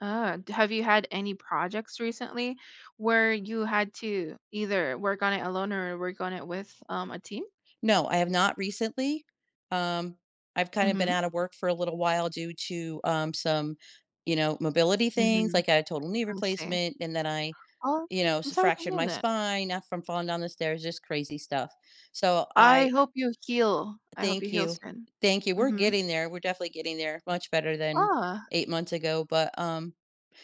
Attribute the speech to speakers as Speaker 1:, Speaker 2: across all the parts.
Speaker 1: Uh, have you had any projects recently where you had to either work on it alone or work on it with, um, a team?
Speaker 2: No, I have not recently. Um, I've kind of been
Speaker 1: Mhm.
Speaker 2: out of work for a little while due to, um, some, you know, mobility things,
Speaker 1: Mhm.
Speaker 2: like, a total knee
Speaker 1: I see.
Speaker 2: replacement and then I
Speaker 1: Oh,
Speaker 2: you know,
Speaker 1: I'm sorry to
Speaker 2: fractured
Speaker 1: hear
Speaker 2: my
Speaker 1: that.
Speaker 2: spine, not from falling down the stairs, just crazy stuff. So
Speaker 1: I
Speaker 2: I
Speaker 1: hope you heal I hope you
Speaker 2: Thank
Speaker 1: heal
Speaker 2: you,
Speaker 1: soon.
Speaker 2: thank you. We're
Speaker 1: Mhm.
Speaker 2: getting there, we're definitely getting there, much better than
Speaker 1: Ah.
Speaker 2: 8 months ago, but um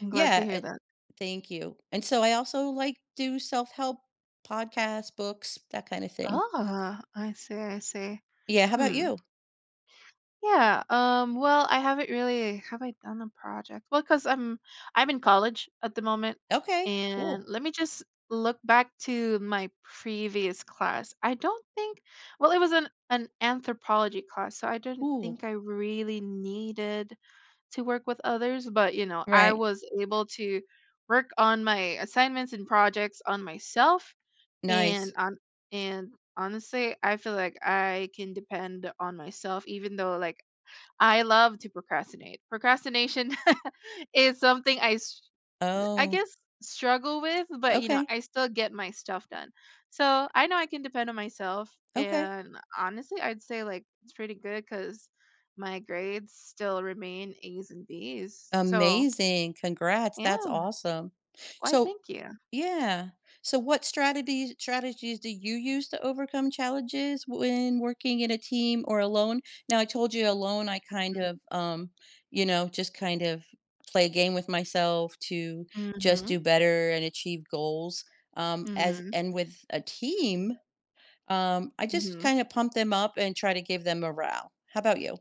Speaker 1: I'm glad to
Speaker 2: yeah,
Speaker 1: hear
Speaker 2: uh,
Speaker 1: that.
Speaker 2: thank you, and so I also, like, do self-help podcast, books, that kinda thing.
Speaker 1: Oh, I see, I see.
Speaker 2: Yeah, how 'bout
Speaker 1: Hmm.
Speaker 2: you?
Speaker 1: Yeah, um, well, I haven't really have I done a project? Well, 'cause I'm I'm in college at the moment
Speaker 2: Okay,
Speaker 1: and
Speaker 2: cool.
Speaker 1: let me just look back to my previous class. I don't think well, it was an an anthropology class, so I don't
Speaker 2: Ooh.
Speaker 1: think I really needed to work with others, but, you know, I
Speaker 2: Right.
Speaker 1: was able to work on my assignments and projects on myself and
Speaker 2: Nice.
Speaker 1: on and honestly, I feel like I can depend on myself even though, like, I love to procrastinate. Procrastination is something I s I
Speaker 2: Oh.
Speaker 1: guess struggle with, but you know,
Speaker 2: Okay.
Speaker 1: I still get my stuff done. So I know I can depend on myself
Speaker 2: Okay.
Speaker 1: and honestly, I'd say, like, it's pretty good 'cause my grades still remain A's and B's, so
Speaker 2: Amazing, congrats, that's
Speaker 1: Yeah.
Speaker 2: awesome.
Speaker 1: Why,
Speaker 2: So
Speaker 1: thank you.
Speaker 2: yeah, so what strategies strategies do you use to overcome challenges when working in a team or alone? Now, I told you alone, I kind
Speaker 1: Mm.
Speaker 2: of, um, you know, just kind of play a game with myself to just
Speaker 1: Mhm.
Speaker 2: do better and achieve goals, um, as
Speaker 1: Mhm.
Speaker 2: and with a team, um, I just
Speaker 1: Mhm.
Speaker 2: kinda pump them up and try to give them morale. How 'bout you?